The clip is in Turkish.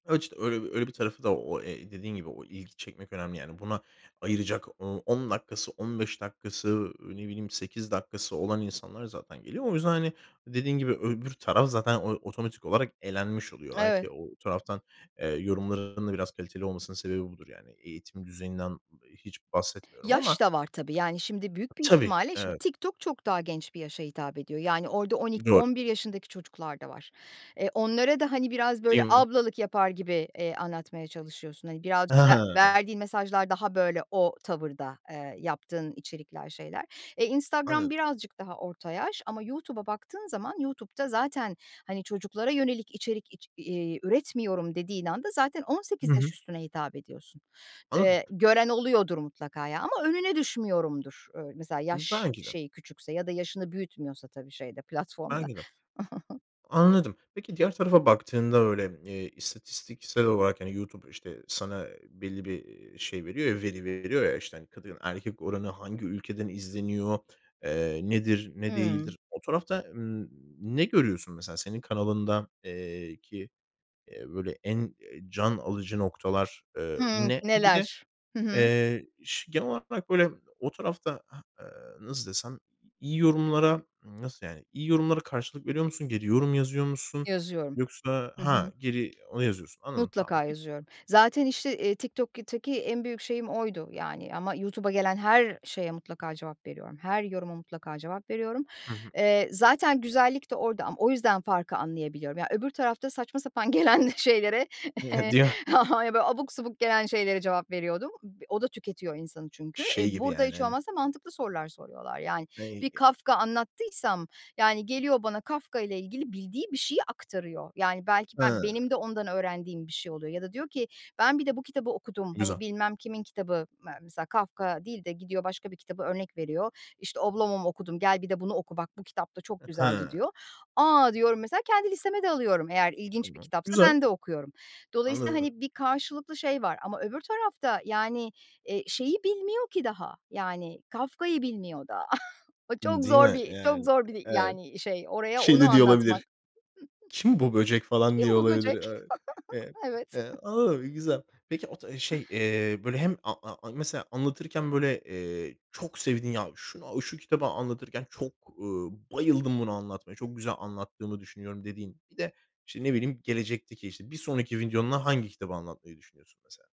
A, işte öyle öyle bir tarafı da o, e dediğin gibi o i ilgi çekmek önemli, yani, buna ayıracak o 10 dakikası 15 dakikası, ııı, ne bileyim 8 dakikası olan insanlar zaten geliyor. O yüzden, hani, dediğin gibi öbür taraf zaten o otomatik olarak elenmiş oluyor. Evet. Belki o o taraftan, eee, yorumların da biraz kaliteli olmasının sebebi budur, yani. Eğitim düzeyinden hiç bahsetmiyorum ama. Yaş da var tabii, yani, şimdi büyük bir Tabii, ihtimalle şimdi evet. TikTok çok daha genç bir yaşa hitap ediyor. Yani orada on iki Doğru. on bir yaşındaki çocuklar da var. Eee, onlara da, hani, biraz böyle Değil mi? ablalık yapar gibi, eee, anlatmaya çalışıyorsun. Hani, biraz Ha ve ha. verdiğin mesajlar daha böyle o tavırda, ııı, yaptığın içerikler, şeyler. E, Instagram Anladım. birazcık daha orta yaş, ama YouTube'a baktığın zaman, YouTube'da zaten, hani, çocuklara yönelik içerik iç iii üretmiyorum dediğin anda zaten 18 Hı yaş hı. üstüne hitap ediyorsun. Anladım. Eee, gören oluyordur mutlaka ya ama önüne düşmüyorumdur. Iıı, mesela Hıı, yaş belki de. şeyi küçükse ya da yaşını büyütmüyorsa tabii şeyde, platformda. Belki de. Anladım. Peki, diğer tarafa baktığında öyle, iii, istatistiksel olarak, hani, YouTube, işte, ııı, sana, ııı, belli bir, ııı, şey veriyor ya, veri veriyor ya, hani, işte, kadın-erkek oranı, hangi ülkeden izleniyor, eee, nedir, ne Hımm. değildir? O tarafta, ımm, ne görüyorsun mesela senin kanalında, eee, ki, eee, böyle en, eee, can alıcı noktalar, ııı, Hıı, ne? Bir de, "neler." Hı hı. eee, ş genel olarak böyle o tarafta ha, aaa, nasıl desem iyi yorumlara, ımm, nasıl yani, iyi yorumlara karşılık veriyor musun? Geri yorum yazıyor musun Yazıyorum. yoksa Hı ha, hı. geri onu yazıyorsun. Anladım tamam, Mutlaka peki. yazıyorum. Zaten, işte, iii, TikTok'taki en büyük şeyim oydu, yani, ama YouTube'a gelen her şeye mutlaka cevap veriyorum. Her yoruma mutlaka cevap veriyorum. Hı hı. Eee, zaten güzellik de orada ama o yüzden farkı anlayabiliyorum. Ya öbür tarafta saçma sapan gelen şeylere, eee, Hadi ya! yani, abuk subuk gelen şeylere cevap veriyordum. O da tüketiyor insanı çünkü. Eee, Şey gibi burada yani hiç hani. olmazsa mantıklı sorular soruyorlar, yani. Bir [unintelligible] Kafka anlattıysam, yani, geliyor bana Kafka ile ilgili bildiği bir şeyi aktarıyor. Yani, belki ben Hıı. benim de ondan öğrendiğim bir şey oluyor. Ya da diyor ki ben bir de bu kitabı okudum. Hani Güzel. bilmem kimin kitabı me mesela, Kafka değil de gidiyor, başka bir kitabı örnek veriyor. İşte "Oblomov okudum, gel, bir de bunu oku. Bak, bu kitap da çok A güzeldi." hıı. diyor. A, diyorum. Mesela, kendi listeme de alıyorum. Eğer ilginç bir Tamam, kitapsa güzel! ben de okuyorum. Dolayısıyla, Anladım. hani, bir karşılıklı şey var ama öbür tarafta, yani, iii, şeyi bilmiyor ki daha, yani, Kafka'yı bilmiyor daha. O M çok değil zor mi? bir çok Yani, zor bir, evet. yani, şey. Oraya Şey onu de diyor anlatmak. olabilir: Kim bu böcek falan Kim diyor bu olabilir, böcek? ı ı Evet. ı olabilir güzel. Peki, o ta şey, eee, böyle hem a a anla mesela anlatırken böyle, eee, çok sevdiğin ya ş şunu şu kitabı anlatırken çok, uuu, bayıldım bunu anlatmaya, çok güzel anlattığımı düşünüyorum dediğin bir de, işte, ne bileyim gelecekteki, işte, bir sonraki videonda hangi kitabı anlatmayı düşünüyorsun, mesela?